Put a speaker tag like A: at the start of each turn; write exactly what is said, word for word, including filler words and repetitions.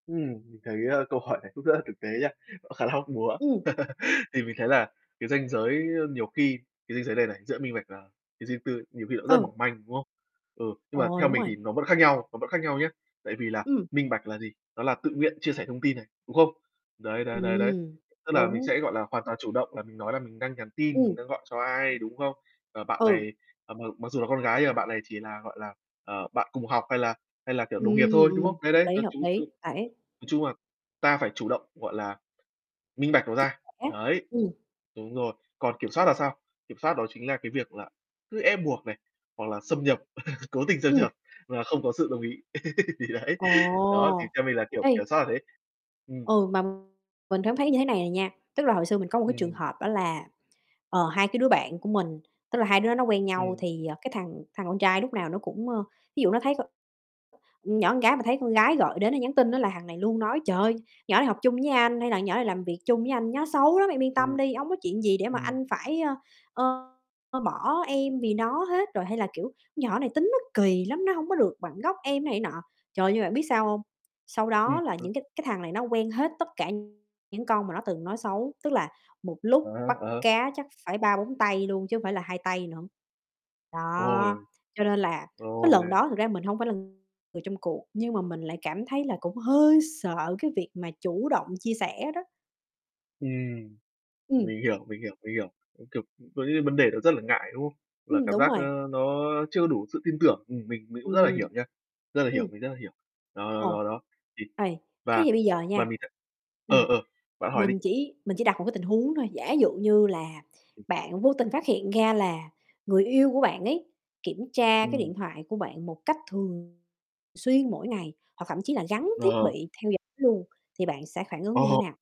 A: Ừm, mình thấy, a, câu hỏi này cũng rất là thực tế nha, nó khá là hóc búa.
B: Ừm.
A: Thì mình thấy là cái ranh giới, ơ, nhiều khi cái ranh giới này này, giữa minh bạch và cái riêng tư ấy, nhiều khi nó rất
B: Ừ.
A: mỏng manh, đúng không? Ừ, nhưng mà
B: Ồ,
A: theo
B: đúng
A: mình
B: rồi.
A: thì nó vẫn khác nhau, nó vẫn khác nhau nhá. Tại vì là
B: Ừm.
A: minh bạch là gì? Nó là tự nguyện chia sẻ thông tin này, đúng không? Đấy, đấy, đấy, đấy,
B: Ừm,
A: tức là mình
B: đúng.
A: sẽ, gọi là, hoàn toàn chủ động là mình nói là mình đang nhắn tin, mình
B: Ừm.
A: đang gọi cho ai, đúng không? Ờ, bạn
B: Ừ.
A: này, ờ, m mặc dù là con gái nhưng mà bạn này chỉ là, gọi là, ờ, bạn cùng học hay là hay là, kiểu, đồng nghiệp
B: Ừm,
A: thôi, đúng không?
B: ừm,
A: Đấy,
B: hợp
A: đấy,
B: lý,
A: nói
B: hợp
A: chung
B: lý.
A: chung
B: Đẩy
A: nói chung là ta phải chủ động, gọi là, minh bạch nó
B: Chia
A: ra,
B: sẻ.
A: đấy.
B: Ừm.
A: Đúng rồi, còn kiểm soát là sao? Kiểm soát đó chính là cái việc là cứ ép buộc này, hoặc là xâm nhập, cố tình xâm
B: Ừm.
A: nhập mà không có sự đồng ý. Thì đấy,
B: Ồ,
A: đó, thì theo mình là, kiểu,
B: ê.
A: kiểm soát là thế. Ừm.
B: Ừ, mà mình cảm thấy như thế này này nha, tức là hồi xưa mình có một cái trường
A: Ừm.
B: hợp đó là, ờ, hai cái đứa bạn của mình, tức là hai đứa đó nó quen nhau
A: Ừm.
B: thì, ờ, cái thằng thằng con trai lúc nào nó cũng, ơ, ví dụ nó thấy co nhỏ ưn gái mà thấy con gái gọi đến hay nhắn tin á là thằng này luôn nói: "Trời ơi, nhỏ này học chung với anh" hay là "ưn nhỏ này làm việc chung với anh, nhó xấu lắm, em yên tâm
A: Ừm.
B: đi, hông có chuyện gì để mà
A: Ừm.
B: anh phải, a, ơ, ơ, bỏ em vì nó hết" rồi, hay là, kiểu: "Nhỏ này tính nó kỳ lắm, nó hông có được bằng góc em này nọ." Trời ơi, nhưng bạn biết sao hông? Sau
A: Ừm.
B: đó là những cái cái thằng này nó quen hết tất cả những con mà nó từng nói xấu, tức là một
A: À,
B: lúc bắt
A: ờ.
B: cá chắc phải ba bốn tay luôn chứ hông phải là hai tay nữa. Đó,
A: Ôi!
B: cho nên là cái lần
A: Rồi.
B: đó thực ra mình hông phải là người trong cuộc, nhưng mà mình lại cảm thấy là cũng hơi sợ cái việc mà chủ động chia sẻ đó.
A: Ừm.
B: Ừm.
A: Mình hiểu, mình hiểu, mình hiểu, có, kiểu, ưm, có những cái vấn đề đó rất là ngại, đúng không? Và
B: Ừm,
A: cảm
B: đúng
A: giác, ơ,
B: rồi.
A: nó chưa đủ sự tin tưởng, ừm, mình mình cũng rất là
B: Ừm.
A: hiểu nha, rất là hiểu,
B: Ừm.
A: mình rất là hiểu. Đó, đó,
B: Ồ,
A: đó, đó, thì
B: ê, thế
A: và
B: thì bây giờ
A: và
B: nha,
A: mình thấy ờ,
B: ừm,
A: ờ, bạn hỏi đi.
B: mình chỉ mình chỉ đặt một cái tình huống thôi, giả dụ như là bạn vô tình phát hiện ra là người yêu của bạn ấy, kiểm tra cái
A: Ừm.
B: điện thoại của bạn một cách thường xuyên, mỗi ngày, hoặc thậm chí là gắn thiết
A: Ờ.
B: bị theo dõi luôn thì bạn sẽ phản ứng như thế
A: Ồ.
B: nào?